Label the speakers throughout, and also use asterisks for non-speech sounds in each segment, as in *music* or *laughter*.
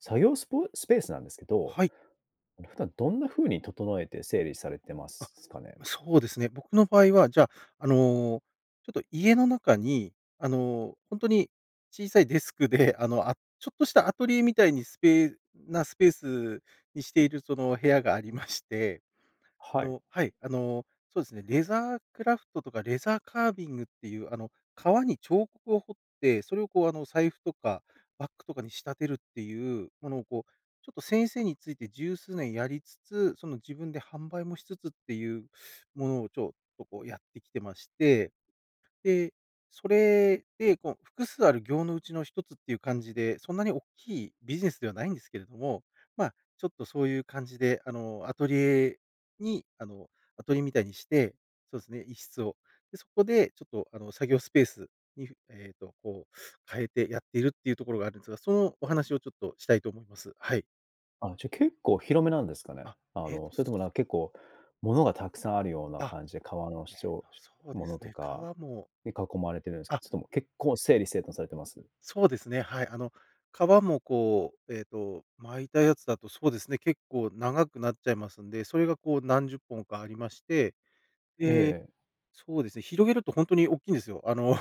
Speaker 1: 作業スプスペースなんですけど、
Speaker 2: はい。
Speaker 1: 普段どんな風に整えて整理されてま
Speaker 2: あ、
Speaker 1: すすかね？
Speaker 2: そうですね。僕の場合は、じゃ、あの、ちょっと家の中にあの本当に小さいデスクで、あの、あ、ちょっとしたアトリエみたいにスペーなスペースにしているその部屋があり *chuckles* まして、あ
Speaker 1: はい。
Speaker 2: の、はい。あの、そうですね。レザークラフトとかレザーカービングっていうあの、革に彫刻を彫って、それをこうあの、財布とかバッグとかに仕立てるっていうものを、こう、ちょっと先生について10数年やりつつ、その自分で販売もしつつっていうものをちょっとこうやってきてまして。で、それでこう、複数ある業のうちの1つっていう感じで、そんなに大きいビジネスではないんですけれども、まちょっとそういう感じであのアトリエにあのアトリエみたいにして、そうですね、1室を。でそこでちょっとあの作業スペースに、えっと、こう変えてやっているっていうところがあるんですが、そのお話をちょっとしたいと思います。はい。
Speaker 1: あ、じゃあ結構広めなんですかね。
Speaker 2: あ、
Speaker 1: あ
Speaker 2: えっ
Speaker 1: の、それともなん結構、物がたくさんあるような
Speaker 2: あ、
Speaker 1: 感じで、革の
Speaker 2: えっ
Speaker 1: しちょ
Speaker 2: と
Speaker 1: う、し
Speaker 2: そうで
Speaker 1: もの
Speaker 2: す
Speaker 1: と
Speaker 2: ね。
Speaker 1: か、
Speaker 2: 革も
Speaker 1: に囲まれてるんすか？
Speaker 2: あ。
Speaker 1: それとも結構整理整頓されてます？
Speaker 2: そうですね、はい、あの、革もこう、えっと、巻いたやつだとそうですね、結構長くなっちゃいますんで、それがこう何十本かありまして、
Speaker 1: え
Speaker 2: で、
Speaker 1: え。
Speaker 2: そうですね、広げると本当に大きいんですよ。あの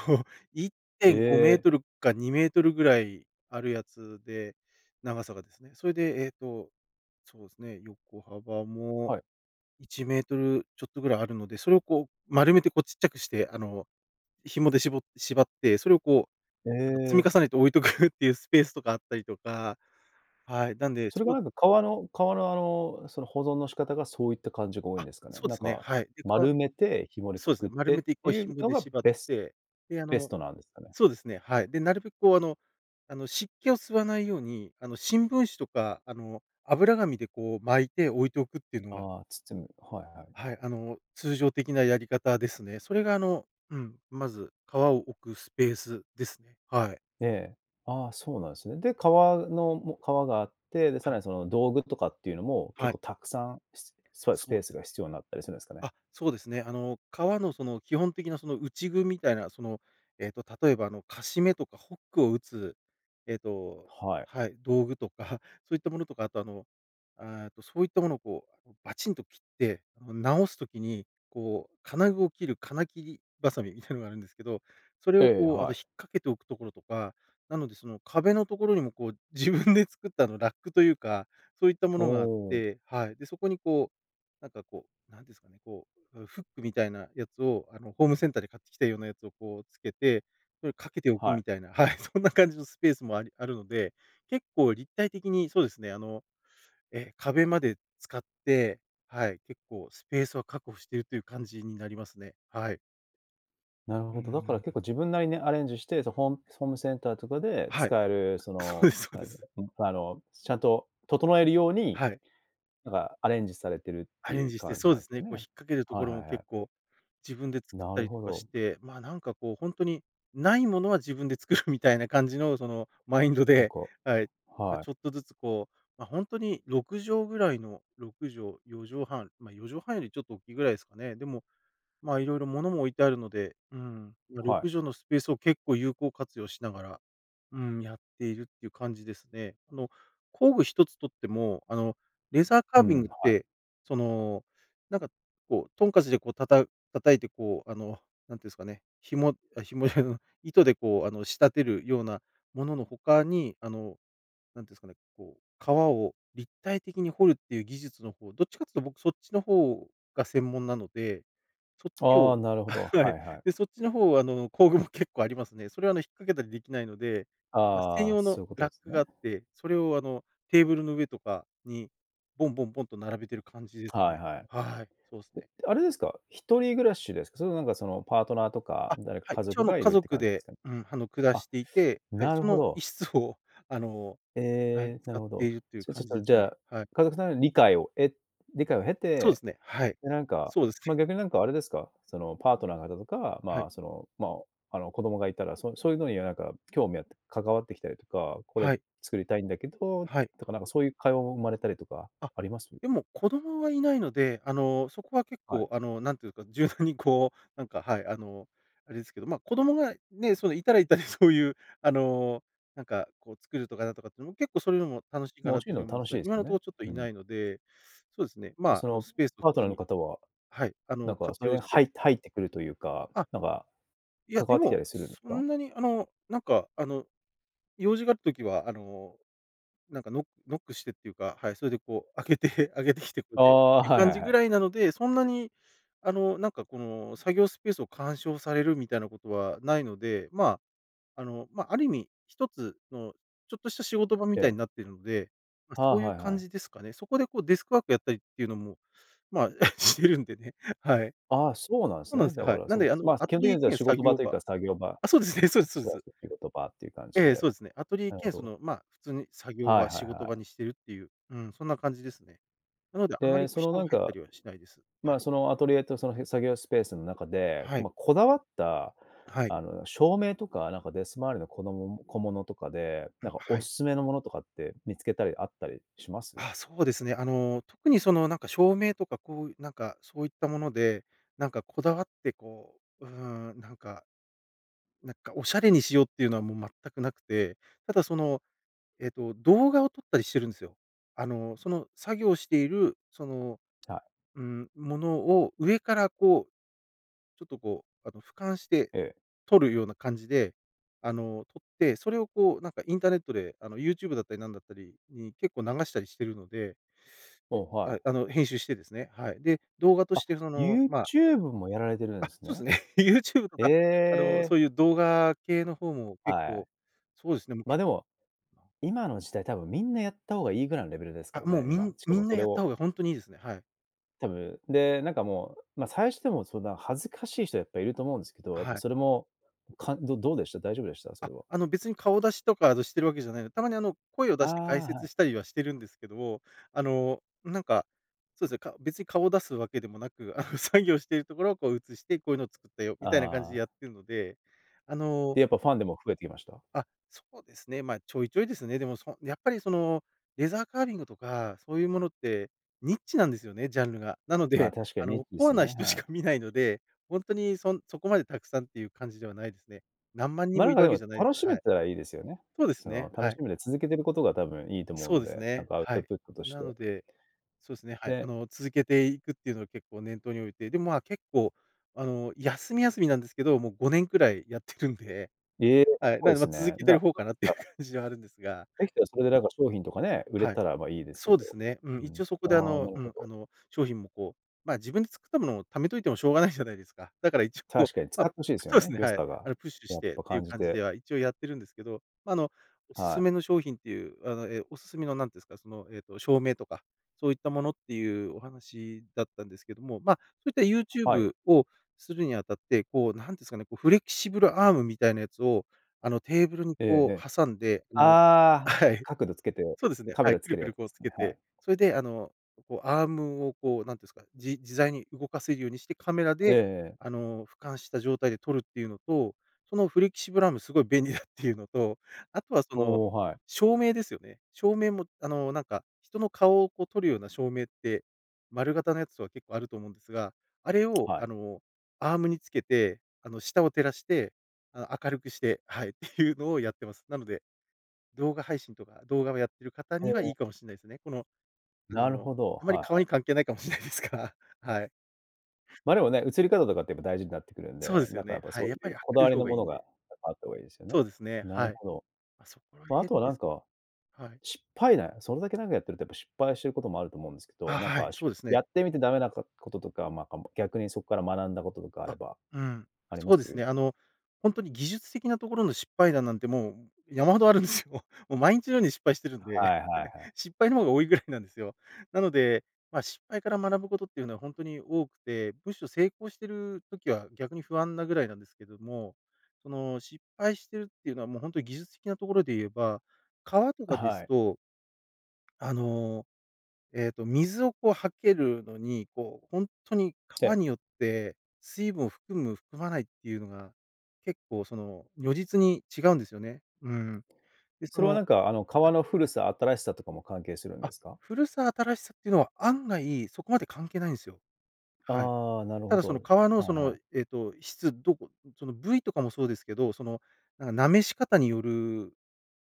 Speaker 2: いって
Speaker 1: え
Speaker 2: んごめー
Speaker 1: え。
Speaker 2: とるか2mぐらいあるやつで、長さがですね。それでえっとそうですね、横幅も
Speaker 1: はい。
Speaker 2: 1mちょっとぐらいあるので、それをこう丸めてこうちっちゃくして、あの紐で、しぼ、縛って、それをこ
Speaker 1: え
Speaker 2: う、なんか積
Speaker 1: え。
Speaker 2: み重ねて置い *chuckles* とくっていうスペースとかあったりとか、はい、なんで
Speaker 1: それ
Speaker 2: そ
Speaker 1: が
Speaker 2: こ
Speaker 1: なんか革の革のあの、その、保存の仕方がそういった感じが多いん
Speaker 2: あ、
Speaker 1: ですかね。
Speaker 2: そう
Speaker 1: な
Speaker 2: で
Speaker 1: ん
Speaker 2: すね。
Speaker 1: か、
Speaker 2: はい。でか
Speaker 1: 丸めてひもで
Speaker 2: そ
Speaker 1: く
Speaker 2: うです
Speaker 1: くっ
Speaker 2: ね、丸
Speaker 1: て
Speaker 2: め
Speaker 1: っ
Speaker 2: て
Speaker 1: て
Speaker 2: こう
Speaker 1: いう
Speaker 2: 紐
Speaker 1: の
Speaker 2: で
Speaker 1: が
Speaker 2: 縛っ
Speaker 1: ベス
Speaker 2: て、で、あ
Speaker 1: ベス
Speaker 2: の
Speaker 1: トなんですかね？
Speaker 2: そうですね。はい。で、なるべくこう、あの、あの湿気を吸わないように、あの、新聞紙とか、あの、油紙でこう巻いて置いておくっていうのが
Speaker 1: ああ、包む、はいはい
Speaker 2: はい、あの、通常的なやり方ですね。それがあの、うん、まず革を置くスペースですね。はい。
Speaker 1: ええ。ああ、そうなんですね。で、革の、も革があって、でさ
Speaker 2: は
Speaker 1: ら
Speaker 2: い。
Speaker 1: にその、道具とかっていうのも結
Speaker 2: はい。
Speaker 1: 構たくさん、し、そういう、ス
Speaker 2: そ
Speaker 1: ペー
Speaker 2: う。
Speaker 1: スが必要になったりするんですかね？
Speaker 2: あ、そうですね。あの、革のその基本的なその内具みたいな、その、えっと、例えば、あの、カシメとかホックを打つ、えっと
Speaker 1: はい。
Speaker 2: はい、道具とかそういったものとか、あとあの、ああっとそういったものをこうバチンと切って、ん、直す時にこう金具を切る金切りバサミみたいなのがあるんですけど、それを
Speaker 1: ええ、
Speaker 2: こうあの、
Speaker 1: は
Speaker 2: 引っ
Speaker 1: い。
Speaker 2: 掛けておくところとか、なのでその壁のところにもこう自分 *chuckles* で作った、あの、ラックというか、そういったも
Speaker 1: お
Speaker 2: のがあっ
Speaker 1: お。
Speaker 2: て、はい。で、そこに、こう、なんかこう、何ですかね、こうフックみたいなやつを、あの、ホームセンターで買ってきたようなやつをこうつけて、それかけておく
Speaker 1: はい。
Speaker 2: みたいなはい、*chuckles* そんな感じのスペースもあり、あるので、結構立体的にそうですね、あの、え、壁まで使って、はい、結構スペースは確保しているという感じになりますね、はい。
Speaker 1: なる
Speaker 2: うん
Speaker 1: ほ
Speaker 2: うん
Speaker 1: ど、だから
Speaker 2: う
Speaker 1: 結
Speaker 2: ん。
Speaker 1: 構自分なりにアレンジして、そのホームホームセンターとかで
Speaker 2: はい。
Speaker 1: 使えるそ
Speaker 2: そう
Speaker 1: の
Speaker 2: ですそう
Speaker 1: な
Speaker 2: で
Speaker 1: ん、
Speaker 2: す。
Speaker 1: あのちゃんと整えるように。
Speaker 2: はい。
Speaker 1: なんか、アレンジされてるっ
Speaker 2: ア
Speaker 1: て
Speaker 2: レ
Speaker 1: い
Speaker 2: ン
Speaker 1: う
Speaker 2: ジして、
Speaker 1: 感じ
Speaker 2: そう
Speaker 1: なん
Speaker 2: で
Speaker 1: です
Speaker 2: す
Speaker 1: か
Speaker 2: ね、こう引っ
Speaker 1: ね。
Speaker 2: 掛けるとこ
Speaker 1: はい
Speaker 2: ろも
Speaker 1: はいは
Speaker 2: 結
Speaker 1: い。
Speaker 2: 構自分で作っ
Speaker 1: な
Speaker 2: た
Speaker 1: る
Speaker 2: り
Speaker 1: ほ
Speaker 2: とかし
Speaker 1: ど。
Speaker 2: て、まあ、なんかこう、本当にないものは自分で作るみたいな感じのそのマインド
Speaker 1: なん
Speaker 2: で、
Speaker 1: か、
Speaker 2: はい、ま、
Speaker 1: はい。
Speaker 2: ちょっとずつこう本当に6畳ぐらいの6畳、4畳半、ま、4畳半よりちょっと大きいぐらいですかね。でもまあ色々物も置いてあるので、ん、ろ
Speaker 1: は
Speaker 2: く
Speaker 1: い。
Speaker 2: じょうのスペースを結構有効活用しながら、うん、やっているっていう感じですね。あの、工具一つとっても、あの、レーザーカ
Speaker 1: う
Speaker 2: ービング
Speaker 1: ん、
Speaker 2: っ
Speaker 1: はい。
Speaker 2: て、その、なんか、こう、とんかちでこうたた叩いてこう、あの、何て言うんですかね、紐紐じゃない、糸で、こうあの、仕立てるようなものの他に、あの、なんて言うんですかね、こう川を立体的に掘るっていう技術の方、どっちかっていうと僕そっちの方が専門なので、そっち
Speaker 1: ああ
Speaker 2: を
Speaker 1: なるほど、
Speaker 2: は
Speaker 1: は
Speaker 2: い。
Speaker 1: いはい。
Speaker 2: で、そっちの方はあの工具も *chuckles* 結構ありますね。それはあの引っ掛けたりできないので、ま、専
Speaker 1: ああ、
Speaker 2: 用
Speaker 1: そ
Speaker 2: の
Speaker 1: ういうこと
Speaker 2: ラッ
Speaker 1: です
Speaker 2: クがあ
Speaker 1: ね。
Speaker 2: って、それをあのテーブルの上とかにボンボンボンと並べている感じです
Speaker 1: はい
Speaker 2: ね。
Speaker 1: はい。
Speaker 2: はい。そうですね。
Speaker 1: え、あれですか、一人暮らしですか？それともなんかそのパートナーとか
Speaker 2: あ、
Speaker 1: 誰か
Speaker 2: はい。
Speaker 1: 家
Speaker 2: 一応
Speaker 1: 族
Speaker 2: あの
Speaker 1: がい
Speaker 2: 家
Speaker 1: るって
Speaker 2: 族
Speaker 1: 感じで
Speaker 2: で、
Speaker 1: すかね？
Speaker 2: うん、あの暮ら
Speaker 1: あ、
Speaker 2: していて、はい、
Speaker 1: な
Speaker 2: そ
Speaker 1: るほ
Speaker 2: のい
Speaker 1: ど。
Speaker 2: っしつを、あの、はい、
Speaker 1: ええ、な
Speaker 2: 使
Speaker 1: る
Speaker 2: っ
Speaker 1: ほ
Speaker 2: て
Speaker 1: ど。
Speaker 2: いるという
Speaker 1: じゃ、ちょ
Speaker 2: 感
Speaker 1: っ
Speaker 2: じで
Speaker 1: と
Speaker 2: す
Speaker 1: じゃ
Speaker 2: ね。
Speaker 1: あ、
Speaker 2: はい。
Speaker 1: 家族さんの理解をえ理解を経
Speaker 2: そうで
Speaker 1: て、
Speaker 2: すね、はい。
Speaker 1: でなんか、
Speaker 2: そうです
Speaker 1: まあ
Speaker 2: ね。
Speaker 1: 逆になんかあれですか、そのパートナーがとか、
Speaker 2: は
Speaker 1: ま
Speaker 2: い。
Speaker 1: あそのまああの子供がいたら、そそういうのにはなんか興味あって、関わってきたりとか、これ、
Speaker 2: はい。
Speaker 1: 作りたいんだけど、
Speaker 2: はい。
Speaker 1: とかなんかそういう会話も生まれたりとか
Speaker 2: あ、
Speaker 1: あります？
Speaker 2: でも子供はいないので、あの、そこは結
Speaker 1: はい。
Speaker 2: 構、あの、なんていうですか、柔軟にこう、なんか、はい、あの、あれですけど、ま、子供がね、そのいたらいたでそういうあの、なんかこう作るとかなんとかっていうのも結構そういうのも楽しいか
Speaker 1: まあ教
Speaker 2: なっ
Speaker 1: え
Speaker 2: て
Speaker 1: る
Speaker 2: いうふ
Speaker 1: の
Speaker 2: うに
Speaker 1: も
Speaker 2: 思うん
Speaker 1: 楽
Speaker 2: で
Speaker 1: し
Speaker 2: す
Speaker 1: い
Speaker 2: が、
Speaker 1: です
Speaker 2: 今の
Speaker 1: よ
Speaker 2: とこ
Speaker 1: ね、
Speaker 2: ろちょっと
Speaker 1: う
Speaker 2: い
Speaker 1: ん。
Speaker 2: ないので、そうですね。
Speaker 1: じゃ、
Speaker 2: ま、
Speaker 1: そ
Speaker 2: あの、
Speaker 1: の
Speaker 2: スペースを普
Speaker 1: パート
Speaker 2: 通
Speaker 1: ナーの
Speaker 2: に
Speaker 1: 方は、
Speaker 2: はい、あ
Speaker 1: な
Speaker 2: の、
Speaker 1: んかそ
Speaker 2: 活
Speaker 1: れ
Speaker 2: 用
Speaker 1: に
Speaker 2: し
Speaker 1: は
Speaker 2: て
Speaker 1: い入ってくるというか、
Speaker 2: あ。
Speaker 1: なんか、
Speaker 2: いや、
Speaker 1: 関わ
Speaker 2: で
Speaker 1: ってきた
Speaker 2: も、
Speaker 1: りするんです
Speaker 2: そ
Speaker 1: か？
Speaker 2: んなにあの、なんか、あの、用事がある時は、あの、なんかノノックしてっていうか、はい、それでこう開けて開けてきてくれ
Speaker 1: あ
Speaker 2: てっ
Speaker 1: あ、
Speaker 2: ていう
Speaker 1: はい
Speaker 2: 感
Speaker 1: はい
Speaker 2: じ
Speaker 1: は
Speaker 2: ぐ
Speaker 1: い。
Speaker 2: らいなので、そんなにあの、なんかこの作業スペースを干渉されるみたいなことはないので、まあ、あの、ま、ある意味、一つのちょっとした仕事場み
Speaker 1: え
Speaker 2: たい
Speaker 1: え。
Speaker 2: になっているので、ま、
Speaker 1: は
Speaker 2: そ
Speaker 1: あ、
Speaker 2: ういう
Speaker 1: はいは
Speaker 2: 感
Speaker 1: い。
Speaker 2: じですかね。そこでこうデスクワークやったりっていうのも、まあ、してるんでね。はい。
Speaker 1: ああ、そうなんです
Speaker 2: そうなん
Speaker 1: ね、
Speaker 2: です
Speaker 1: だ
Speaker 2: よ、
Speaker 1: か
Speaker 2: はい。
Speaker 1: ら
Speaker 2: なん
Speaker 1: そ
Speaker 2: で、あ
Speaker 1: う
Speaker 2: の、
Speaker 1: まあ
Speaker 2: ア
Speaker 1: 基
Speaker 2: ト
Speaker 1: 本的
Speaker 2: リエ
Speaker 1: には
Speaker 2: 兼
Speaker 1: 仕
Speaker 2: 作
Speaker 1: 事場
Speaker 2: 業
Speaker 1: という
Speaker 2: 場
Speaker 1: か作業場。
Speaker 2: あ、そうですね、そうですそう
Speaker 1: プ
Speaker 2: で
Speaker 1: ラ
Speaker 2: す。
Speaker 1: ス仕事場っていう感じ
Speaker 2: え
Speaker 1: で。
Speaker 2: え、そうですね。アトリエ
Speaker 1: なるほ
Speaker 2: 兼そ
Speaker 1: ど。
Speaker 2: の、ま、普通に作業
Speaker 1: はい
Speaker 2: 場、
Speaker 1: はい
Speaker 2: 仕事
Speaker 1: は
Speaker 2: 場
Speaker 1: い。
Speaker 2: にしているっていううん、そんな感じですね。なのであまり
Speaker 1: で、
Speaker 2: こう
Speaker 1: その
Speaker 2: 人
Speaker 1: な
Speaker 2: が
Speaker 1: ん
Speaker 2: 入った
Speaker 1: か、
Speaker 2: りはしないです。は
Speaker 1: ま
Speaker 2: い。
Speaker 1: あ、そのアトリエとその作業スペースの中で、
Speaker 2: は
Speaker 1: ま
Speaker 2: い。
Speaker 1: あこだわった、
Speaker 2: はい。
Speaker 1: あの照明とかなんかデスク周りのこどもも、小物とかで、
Speaker 2: あ、
Speaker 1: なんか
Speaker 2: は
Speaker 1: お
Speaker 2: い。
Speaker 1: 勧めのものとかって見つけたりあったりします？
Speaker 2: あ、そうですね。あの特に、そのなんか、照明とかこう、なんかそういったもので、なんか、こだわって、こうなんか、なんか、おしゃれにしようっていうのはもう全くなくて、ただそのえっと、動画を撮ったりしてるんですよ。あの、その作業している、その、
Speaker 1: はい。
Speaker 2: うーん、ものを上からこうちょっと、こう、あの、俯瞰して
Speaker 1: ええ。
Speaker 2: 撮るような感じで、あの撮って、それを、こうなんか、インターネットであの YouTube だったりなんだったりに結構流したりしているので、
Speaker 1: お、
Speaker 2: で、
Speaker 1: は
Speaker 2: は
Speaker 1: い。
Speaker 2: い、あの編集してですね。はい。で、動画と
Speaker 1: あ、
Speaker 2: してそのま
Speaker 1: YouTube もやられてるん
Speaker 2: あ、
Speaker 1: です
Speaker 2: そうで
Speaker 1: ね。
Speaker 2: すね。YouTube と
Speaker 1: え
Speaker 2: か、あの、
Speaker 1: え。
Speaker 2: そういう動画系の方も結
Speaker 1: はい。
Speaker 2: 構そうですね
Speaker 1: ま、でも、
Speaker 2: *unintelligible*
Speaker 1: 今の時代、多分みんなやった方がいいぐらいのレベルですか
Speaker 2: あ、
Speaker 1: ら
Speaker 2: もう
Speaker 1: ね、
Speaker 2: み
Speaker 1: 今。
Speaker 2: ん
Speaker 1: しか
Speaker 2: み
Speaker 1: も
Speaker 2: ん
Speaker 1: そ
Speaker 2: な
Speaker 1: れ
Speaker 2: やった
Speaker 1: を
Speaker 2: 方が本当にいいですね。はい。
Speaker 1: 多分、で、なんかもう、ま、最初、でも、そんな恥ずかしい人はやっぱいると思うんですけど、やっ
Speaker 2: は
Speaker 1: ぱ
Speaker 2: い。
Speaker 1: それも、かんど、どうでした？大丈夫でした？そ
Speaker 2: あ、
Speaker 1: れは。
Speaker 2: あの、別に顔出しとか、あの、してる訳じゃないのたまに、あの、声を
Speaker 1: あ
Speaker 2: 出して
Speaker 1: あ、
Speaker 2: 解
Speaker 1: は
Speaker 2: 説
Speaker 1: い。
Speaker 2: したりはしてるんですけども、あの、なんか、そうすね、か別に顔出す訳でもなく、あの、*chuckles* 作業してる所をこう映して、こうゆうの作ったよ、みたいな感じ
Speaker 1: あ
Speaker 2: で
Speaker 1: あ。
Speaker 2: やってるので、あの
Speaker 1: で、やっぱファン、でも、増えて来ました？
Speaker 2: あ、そうですね。ま、ちょいちょいですね。でも、そやっぱりその、レザーカービングとかそうゆうものって、ニッチなんですよね、ジャンルが。なの
Speaker 1: まあ、
Speaker 2: で、
Speaker 1: 確か
Speaker 2: あ
Speaker 1: にニッ
Speaker 2: の、
Speaker 1: チで
Speaker 2: コア
Speaker 1: す
Speaker 2: な
Speaker 1: ね、
Speaker 2: 人し
Speaker 1: は
Speaker 2: か
Speaker 1: い。
Speaker 2: 見ないので、ほんとにそんそこまで沢山ってゆう感じではないすね。何万人
Speaker 1: ま、
Speaker 2: も
Speaker 1: な
Speaker 2: い
Speaker 1: んか
Speaker 2: る
Speaker 1: で
Speaker 2: 訳
Speaker 1: も、
Speaker 2: じゃないです、
Speaker 1: 楽し
Speaker 2: は
Speaker 1: め
Speaker 2: い。
Speaker 1: たらいいですよね。
Speaker 2: そうです
Speaker 1: そ
Speaker 2: ね、
Speaker 1: の、
Speaker 2: は
Speaker 1: 楽し
Speaker 2: い。
Speaker 1: みで続けてる事が、多分いいと思う
Speaker 2: そう
Speaker 1: ん
Speaker 2: です
Speaker 1: で、なん
Speaker 2: ね、
Speaker 1: かアウ
Speaker 2: は
Speaker 1: ト
Speaker 2: い。
Speaker 1: プットとし
Speaker 2: なの
Speaker 1: て。
Speaker 2: でそうすね、はい、あ
Speaker 1: で
Speaker 2: の、続けていくってゆうの、結構念頭に置いて、で、まあ、結構、あの、やすみやすみなんですけど、もう5年位やって *chuckles* るんで
Speaker 1: ええ、
Speaker 2: はい、
Speaker 1: そ
Speaker 2: な
Speaker 1: う
Speaker 2: んで、
Speaker 1: で
Speaker 2: ま、
Speaker 1: す
Speaker 2: 続
Speaker 1: ね。
Speaker 2: けて
Speaker 1: だ、
Speaker 2: る方
Speaker 1: そう
Speaker 2: か
Speaker 1: で
Speaker 2: なっ
Speaker 1: し
Speaker 2: てゆう
Speaker 1: たら
Speaker 2: *chuckles* 感じはあるんですが
Speaker 1: 出来たら、それでなんか商品とかね、売れ
Speaker 2: はい。
Speaker 1: たら、まあ、いいですけ
Speaker 2: そ
Speaker 1: ど。
Speaker 2: うですね。う
Speaker 1: う
Speaker 2: ん、一
Speaker 1: ん。
Speaker 2: 応、そこであ
Speaker 1: ああ、な
Speaker 2: の、
Speaker 1: る
Speaker 2: う
Speaker 1: ほ
Speaker 2: ん、あ
Speaker 1: ど。
Speaker 2: の商品も、こう、まあ、自分で作った物を溜めといてもしょうがない *chuckles* じゃないですか。だから、いち、こう、
Speaker 1: 確かに、使
Speaker 2: ま
Speaker 1: って欲しいですよ
Speaker 2: そうす
Speaker 1: ね、
Speaker 2: ね、
Speaker 1: 良
Speaker 2: はい。
Speaker 1: さ
Speaker 2: あ
Speaker 1: が、
Speaker 2: のプッシュ
Speaker 1: や
Speaker 2: し
Speaker 1: っ
Speaker 2: てって
Speaker 1: ぱ
Speaker 2: ゆう
Speaker 1: 感じ
Speaker 2: 感じ
Speaker 1: て。
Speaker 2: では、一応やってるんですけど、ま、あの、おす
Speaker 1: は
Speaker 2: す
Speaker 1: い。
Speaker 2: めの商品ってゆう、あの、え、おすすめの、なんてんすか、その、えっと、照明とか、そういった物ってゆうお話だったんですけども、ま、そういった、
Speaker 1: はい。
Speaker 2: YouTube をするに当たって、こう、なんてすかね、こう、フレキシブルアームみたいなやつを、あの、テーブルに
Speaker 1: ええ、へ
Speaker 2: こ
Speaker 1: え。
Speaker 2: う挟んで、あのはい。
Speaker 1: ああ、
Speaker 2: *chuckles*
Speaker 1: 角度付けて、
Speaker 2: そうですね。
Speaker 1: カ
Speaker 2: は
Speaker 1: メ
Speaker 2: い、
Speaker 1: ラ
Speaker 2: く
Speaker 1: 付
Speaker 2: る
Speaker 1: ける
Speaker 2: く
Speaker 1: や
Speaker 2: る、
Speaker 1: つ
Speaker 2: こ
Speaker 1: で
Speaker 2: う
Speaker 1: す
Speaker 2: 付
Speaker 1: ね、
Speaker 2: け
Speaker 1: は
Speaker 2: て、
Speaker 1: い。
Speaker 2: それで、あの、こうアームをこう、なんてんすか、じ自在に動かせるようにして、カメラ
Speaker 1: ええ
Speaker 2: で、
Speaker 1: ええ。
Speaker 2: あの、俯瞰した状態で撮るってゆうのと、そのフレキシブルアーム凄い便利 *chuckles* だってゆうのと、あとはその、
Speaker 1: おお、はい。
Speaker 2: 照明ですよね。照明も、あの、なんか、人の顔をこう撮るような照明って、丸型のやつとか結構あると思うんですが、あれを、
Speaker 1: は
Speaker 2: あ
Speaker 1: い。
Speaker 2: の、アームに付けて、あの、下を照らして、あ明るくしてはい。って *chuckles* ゆうのをやってます。なので、動画配信とか、動画をやってる方
Speaker 1: へえ、
Speaker 2: には
Speaker 1: え
Speaker 2: いい
Speaker 1: え。
Speaker 2: かもしんないすね。この、あ
Speaker 1: なる
Speaker 2: の、
Speaker 1: ほど、
Speaker 2: あんまり
Speaker 1: はい
Speaker 2: 顔
Speaker 1: は
Speaker 2: に
Speaker 1: い。
Speaker 2: 関係ないかもしん *chuckles* ないですが、はい。
Speaker 1: まあ、でもね、映り方とかって、やっぱ、大事になってくるん
Speaker 2: そう
Speaker 1: で、
Speaker 2: です
Speaker 1: な
Speaker 2: よ
Speaker 1: んかや
Speaker 2: ね。
Speaker 1: っぱ、
Speaker 2: は
Speaker 1: そう
Speaker 2: い。やっぱ
Speaker 1: ゆ
Speaker 2: り
Speaker 1: う
Speaker 2: 明
Speaker 1: こだ
Speaker 2: るい
Speaker 1: わり
Speaker 2: 方
Speaker 1: の
Speaker 2: がいい
Speaker 1: 物
Speaker 2: んで。
Speaker 1: が、あった方がいいですよ
Speaker 2: そ
Speaker 1: ね。
Speaker 2: うですね、
Speaker 1: なる
Speaker 2: はい。
Speaker 1: ほど。
Speaker 2: ま、そこら
Speaker 1: ま、あと
Speaker 2: 辺
Speaker 1: は
Speaker 2: で
Speaker 1: なん
Speaker 2: す
Speaker 1: か、
Speaker 2: はい。
Speaker 1: 失敗ね、それだけなんかやってると、やっぱ失敗してる事もあると思うんですけど、
Speaker 2: あ、
Speaker 1: なん
Speaker 2: は
Speaker 1: か、
Speaker 2: い、
Speaker 1: し
Speaker 2: そうです
Speaker 1: や
Speaker 2: ね。
Speaker 1: ってみて駄目なこ事とか、まあ、か、も、逆にそっから学んだ事とかあれ
Speaker 2: あ、
Speaker 1: ば
Speaker 2: うん。
Speaker 1: ありま
Speaker 2: そうです
Speaker 1: す？
Speaker 2: ね、あの、ほんとに技術的な所の失敗談なんて、もう、ん、山ほどあるんですよ。*chuckles* も、毎日のように失敗してるんで、
Speaker 1: はいはいはい。
Speaker 2: *chuckles* 失敗の方が多い位なんですよ。なので、ま、失敗から学ぶ事ってゆうのはほんとに多くて、寧ろ成功してる時は、逆に不安な位なんですけども、その、失敗してるってゆうのは、もうほんとに技術的な所で言えば、革とかで
Speaker 1: は
Speaker 2: す
Speaker 1: い。
Speaker 2: とあの、えっと、水をこう、はけるのに、こうほんとに革
Speaker 1: で
Speaker 2: によって、水分を含む、含まないってゆうのが、結構、その如実に違うんですよね。うん。で、そ
Speaker 1: それは
Speaker 2: の
Speaker 1: なんか、あの、革の古さ、新しさとかも関係するんで
Speaker 2: あ、
Speaker 1: すか？
Speaker 2: 古さ、新しさ、ってのは、案外そこまで関係ないんすよ。はい。
Speaker 1: ああ、なる
Speaker 2: た
Speaker 1: ほ
Speaker 2: だ、その
Speaker 1: ど。
Speaker 2: 革の、そ
Speaker 1: はいは
Speaker 2: の、
Speaker 1: い。
Speaker 2: えっと、質どこん、その、部位とかもそうですけど、その、なんか滑し方による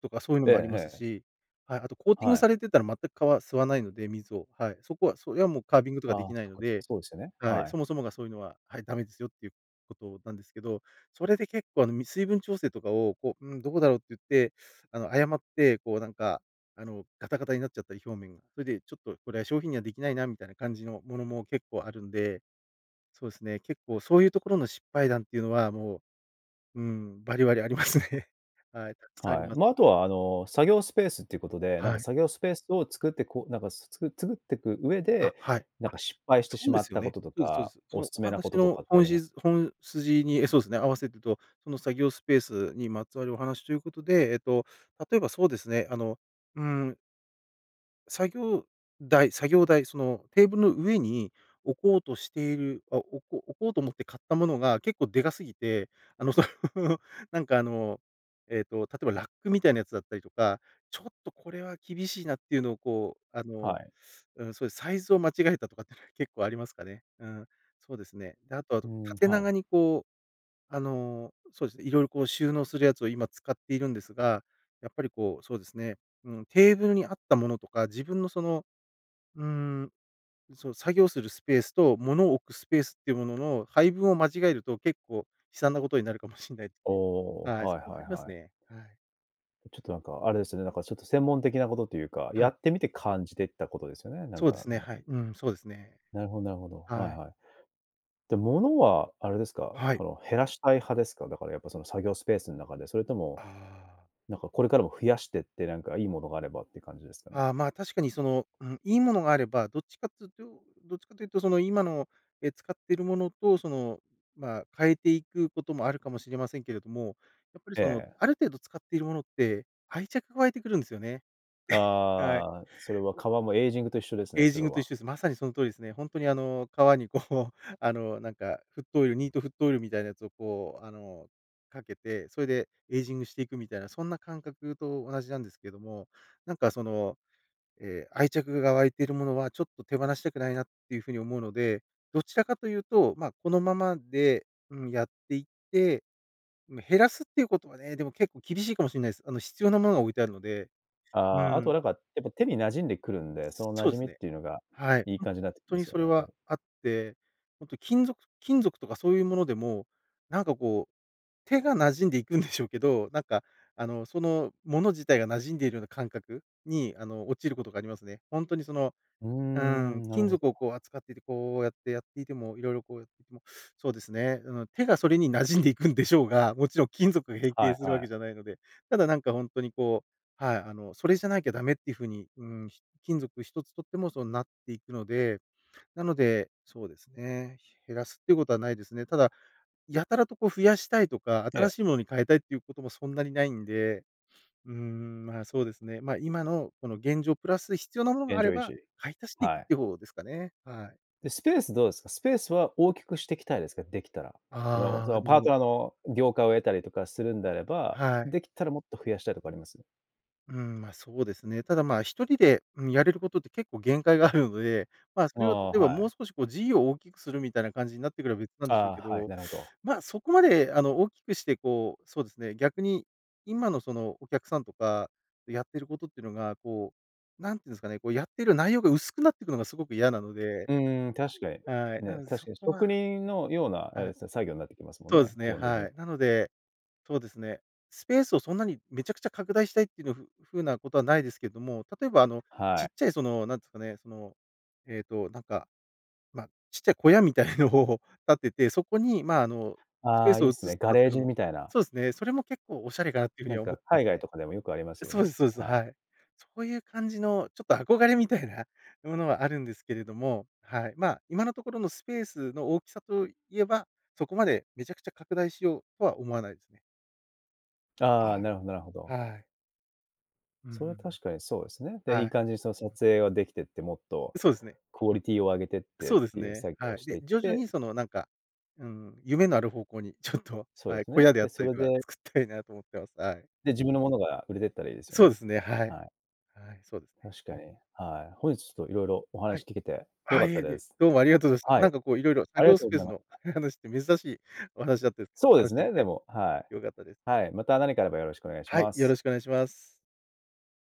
Speaker 2: とか、そうゆの
Speaker 1: ええ
Speaker 2: もあります
Speaker 1: ええ。
Speaker 2: しはい、あと、コーティン
Speaker 1: は
Speaker 2: グ
Speaker 1: い。
Speaker 2: されてたら、全く革吸わないので、水を、はい、そこは、そりゃもうカービングとか
Speaker 1: あ
Speaker 2: 出
Speaker 1: あ、
Speaker 2: 来ない
Speaker 1: そっ
Speaker 2: の
Speaker 1: かそっか、
Speaker 2: で
Speaker 1: そうですよね、
Speaker 2: はい。
Speaker 1: はい。
Speaker 2: そもそもが、そうゆのは、はい、ダメですよってゆう事なんですけど、それで結構、あの、み水分調整とかを、こう、うーん、どこだろうってゆって、あの、誤って、こうなんか、あの、ガタガタになっちゃったり、表面、それでちょっと、これは商品には出来ないなみたいな感じの物も結構あるんで、そうすね、結構そうゆう所の失敗談ってゆうのは、もう、うーん、バリバリありますね。*chuckles* はい、沢山あり
Speaker 1: はい。
Speaker 2: ます。
Speaker 1: ま、後は、あの、作業スペースっていう事で、なんか、
Speaker 2: はい。
Speaker 1: 作業スペースを作って、こう、なんかつつく作ってく上
Speaker 2: あ、
Speaker 1: で、
Speaker 2: はい。
Speaker 1: なん
Speaker 2: あ、
Speaker 1: か失敗して
Speaker 2: そ
Speaker 1: し
Speaker 2: うで
Speaker 1: まっ
Speaker 2: すよ
Speaker 1: た
Speaker 2: ね。
Speaker 1: 事と
Speaker 2: そうですそうで
Speaker 1: か、
Speaker 2: す。そ
Speaker 1: お
Speaker 2: の、お
Speaker 1: 勧めな
Speaker 2: 話
Speaker 1: 事と
Speaker 2: の
Speaker 1: かってあ
Speaker 2: 本
Speaker 1: ります？
Speaker 2: 質本筋に、そうすね、合わせてと、その作業スペースにまつわるお話とゆう事で、えっと、例えば、そうですね、あの、うーん作業台作業台、そのテーブルの上に置こうとしている、あ、おこ置こうと思って買ったものが結構でかすぎて、あの、その、なんかあの、えっと、例えばラックみたいなやつだったりとか、ちょっとこれは厳しいなっていうのをこう、あ
Speaker 1: は
Speaker 2: の、
Speaker 1: い。
Speaker 2: うん、そういうサイズを間違えたとかっていうのは結構ありますかね。うん。そうですね。であとは
Speaker 1: うん、
Speaker 2: 縦
Speaker 1: は
Speaker 2: 長
Speaker 1: い。
Speaker 2: にこう、あの、そうですね、いろいろこう収納するやつを今使っているんですが、やっぱりこうそうですね、うん、テーブルにあったものとか自分のその、うーん、そう作業するスペースと物を置くスペースっていうものの配分を間違えると結構悲惨なことになるかもしれないです。
Speaker 1: お、
Speaker 2: はい、そ
Speaker 1: はい
Speaker 2: こはあ
Speaker 1: はい
Speaker 2: ります
Speaker 1: はい。
Speaker 2: ね。はい。
Speaker 1: ちょっとなんか、あれですよね、なんかちょっと専門的なことというか、
Speaker 2: は
Speaker 1: や
Speaker 2: い。
Speaker 1: ってみて感じてったことですよね、なん
Speaker 2: そうで
Speaker 1: か、あ
Speaker 2: すね、は
Speaker 1: の。
Speaker 2: い。うん、そうですね。
Speaker 1: なるほど、なるほど。
Speaker 2: は
Speaker 1: はい
Speaker 2: い。
Speaker 1: はい。で、物はあれですか、
Speaker 2: はい。
Speaker 1: その減らしたい派ですか、だからやっぱその作業スペースの中で、それとも、
Speaker 2: ああ。
Speaker 1: なんかこれからも増やしてって、なんかいい物があればって感じですかね。
Speaker 2: あ、ま、確かにその、うんいい物があればどっちかっていうとどっちかというとその今の、え、使っている物とそのま、変えていくこともあるかもしれませんけれども、やっぱりその
Speaker 1: ええ。
Speaker 2: ある程度使っている物って愛着が湧いてくるんですよね。え、はい。
Speaker 1: ああ、それは皮もエイジングと一緒ですね、
Speaker 2: エイ
Speaker 1: そ
Speaker 2: ジ
Speaker 1: れ
Speaker 2: ングと一
Speaker 1: は。
Speaker 2: 緒です。まさにその通りですね。ほんとにあの、皮にこう、あの、なんかフットオイル、ニートフットオイルみたいなやつをこう、あの、かけて、それでエイジングしていくみたいな、そんな感覚と同じなんですけども、なんかその、え、愛着が湧いているものはちょっと手放したくないなっていう風に思うので、どちらかというと、ま、このままで、うん、やっていって、うん、減らすっていうことはね、でも結構厳しいかもしれないです。あの必要なものが置いてあるので、
Speaker 1: あ
Speaker 2: う
Speaker 1: あ、あとは
Speaker 2: ん。
Speaker 1: なんか、やっぱ手に馴染んでくるんで、
Speaker 2: す
Speaker 1: その馴
Speaker 2: そう
Speaker 1: 染
Speaker 2: です
Speaker 1: みっ
Speaker 2: ね。
Speaker 1: ていうのが、
Speaker 2: はい。
Speaker 1: いい
Speaker 2: ほん
Speaker 1: 感じになってき
Speaker 2: と
Speaker 1: ま
Speaker 2: に
Speaker 1: すよ
Speaker 2: それ
Speaker 1: ね、多
Speaker 2: は
Speaker 1: 分。
Speaker 2: あって、ほんと金属、金属とかそういうものでも、なんかこう、手が馴染んでいくんでしょうけど、なんか、あの、そのもの自体が馴染んでいるような感覚に、あの、落ちることがありますね。ほんとにその、
Speaker 1: うー
Speaker 2: う
Speaker 1: ん、
Speaker 2: ん、
Speaker 1: なる
Speaker 2: 金
Speaker 1: ほ
Speaker 2: 属を
Speaker 1: ど。
Speaker 2: こう扱っていて、こうやってやっていても、色々こうやそうですね、うん手がそれに馴染んでいくんでしょうが、もちろん金属が変
Speaker 1: は
Speaker 2: 形
Speaker 1: い
Speaker 2: するわ
Speaker 1: はい。
Speaker 2: けじゃないので、ただなんかほんとにこう、はい、あのそれじゃなきゃダメっていうふうに、うん、き金属一つとってもそうなっていくので。なので、そうですね、減らすっていうことはないですね。ただ、やたらとこう増やしたいとか、
Speaker 1: ええ。
Speaker 2: 新しいものに変えたいっていうことも、そんなにないんで、うーん、ま、そうですね。ま、今のこの現状プラス必要なものが
Speaker 1: 現
Speaker 2: あれ
Speaker 1: 状維
Speaker 2: ば、
Speaker 1: 持。
Speaker 2: 買い足していく
Speaker 1: は
Speaker 2: っ
Speaker 1: い。
Speaker 2: ていう方ですかね。はい。
Speaker 1: で、スペースどうですか？スペースは大きくしていきたいですか、できたら。その
Speaker 2: あ
Speaker 1: そ
Speaker 2: あ、あ
Speaker 1: の、パート
Speaker 2: の
Speaker 1: ナーの了解を得たりとかするんであれば、
Speaker 2: はい。
Speaker 1: できたらもっと増やしたいとかあります？
Speaker 2: うん、まあ、そうですね。ただまあ、1人で、うん、やれることって結構限界があるので、まあ、そ
Speaker 1: あ
Speaker 2: れを例
Speaker 1: あ、
Speaker 2: えば
Speaker 1: は
Speaker 2: も
Speaker 1: い。
Speaker 2: う少しこう事業を大きくするみたいな感じになってくれば別なんでしょう
Speaker 1: あ
Speaker 2: け
Speaker 1: あ、はい、
Speaker 2: ど、
Speaker 1: なるほど。
Speaker 2: ま、そこまであの、大きくしてこう、そうですね、逆に、今のその、お客さんとか、やってることっていうのが、こう、なんていうんですかね、こうやってる内容が薄くなっていくのがすごく嫌なので
Speaker 1: うんうん、確かに。
Speaker 2: はい、な
Speaker 1: ね、
Speaker 2: ので、
Speaker 1: 確
Speaker 2: そ
Speaker 1: かに。
Speaker 2: こ
Speaker 1: 職
Speaker 2: は
Speaker 1: 人のような、え、
Speaker 2: あ、
Speaker 1: さ作業になってきますもん
Speaker 2: そうで
Speaker 1: ね、
Speaker 2: すね、
Speaker 1: 基本的に。
Speaker 2: はい。なので、そうですね、スペースをそんなにめちゃくちゃ拡大したいってのふ風なことはないですけども、例えばあの、
Speaker 1: は
Speaker 2: ち
Speaker 1: い。
Speaker 2: っちゃい、その、なんて言うんですかね、その、えっと、なんか、ま、ちっちゃい小屋みたいのを建てて、そこに、まあ、あの、スペ
Speaker 1: あ
Speaker 2: ー
Speaker 1: あ、い
Speaker 2: ス
Speaker 1: い
Speaker 2: を
Speaker 1: っ
Speaker 2: 移
Speaker 1: すね、
Speaker 2: すと
Speaker 1: ガ
Speaker 2: かっ
Speaker 1: レ
Speaker 2: て
Speaker 1: ー
Speaker 2: いうの
Speaker 1: ジ
Speaker 2: も
Speaker 1: みたいな。
Speaker 2: そうですね、それも結構おしゃれかなっていうふう
Speaker 1: な
Speaker 2: に
Speaker 1: ん
Speaker 2: は思っ
Speaker 1: か、
Speaker 2: てま
Speaker 1: 海
Speaker 2: す
Speaker 1: 外
Speaker 2: ね。
Speaker 1: とかでもよくありますよ
Speaker 2: そうで
Speaker 1: ね、
Speaker 2: すそうです。
Speaker 1: は
Speaker 2: は
Speaker 1: い。
Speaker 2: い。そういう感じのちょっと憧れみたいなものはあるんですけれども、はい。ま、今のところのスペースの大きさといえば、そこまでめちゃくちゃ拡大しようとは思わないですね。
Speaker 1: あ
Speaker 2: は
Speaker 1: あ、な
Speaker 2: い。
Speaker 1: るほどなるほど。
Speaker 2: はい。うんうんう
Speaker 1: それは
Speaker 2: ん。
Speaker 1: 確かにそうですね。で、い
Speaker 2: は
Speaker 1: い
Speaker 2: い。
Speaker 1: 感じにその、撮影ができてって、もっと、
Speaker 2: そうですね。
Speaker 1: クオリティを上げてって
Speaker 2: そ
Speaker 1: っ
Speaker 2: うです
Speaker 1: ていう
Speaker 2: ね。
Speaker 1: 作業を
Speaker 2: はい。
Speaker 1: して
Speaker 2: で、
Speaker 1: いっ
Speaker 2: 徐々
Speaker 1: て。
Speaker 2: にその、なんか、うん、夢のある方向にちょっと、
Speaker 1: そうで
Speaker 2: はい、
Speaker 1: す
Speaker 2: 小
Speaker 1: ね。
Speaker 2: 屋であ
Speaker 1: で、
Speaker 2: った
Speaker 1: そ
Speaker 2: り
Speaker 1: れ
Speaker 2: とか、
Speaker 1: で
Speaker 2: 作ったいなと思ってます。はい。
Speaker 1: で、自分のものが売れてったらいいですよ
Speaker 2: そうで
Speaker 1: ね。
Speaker 2: すね、はい、
Speaker 1: はい。
Speaker 2: はい、そうですね。
Speaker 1: 確かに、はい、本日ちょっといろいろお
Speaker 2: は
Speaker 1: 話
Speaker 2: い。
Speaker 1: 聞けて良
Speaker 2: あ、
Speaker 1: かっ
Speaker 2: い
Speaker 1: た
Speaker 2: えい
Speaker 1: で
Speaker 2: え、
Speaker 1: す。
Speaker 2: どうもありがとうでした。
Speaker 1: はい。
Speaker 2: なんかこういろいろ
Speaker 1: あ
Speaker 2: 作
Speaker 1: りが
Speaker 2: 業
Speaker 1: と
Speaker 2: ス
Speaker 1: うご
Speaker 2: ペー
Speaker 1: ざい
Speaker 2: ス
Speaker 1: まし
Speaker 2: の
Speaker 1: た。
Speaker 2: 話って珍しいお話だったんですけど、
Speaker 1: そうで
Speaker 2: 話
Speaker 1: す
Speaker 2: しでき
Speaker 1: ね、で
Speaker 2: て
Speaker 1: も、はい。
Speaker 2: 良かったです。
Speaker 1: はい、また何かあればよろしくお願いし
Speaker 2: はい、
Speaker 1: ます。
Speaker 2: よろしくお願いします。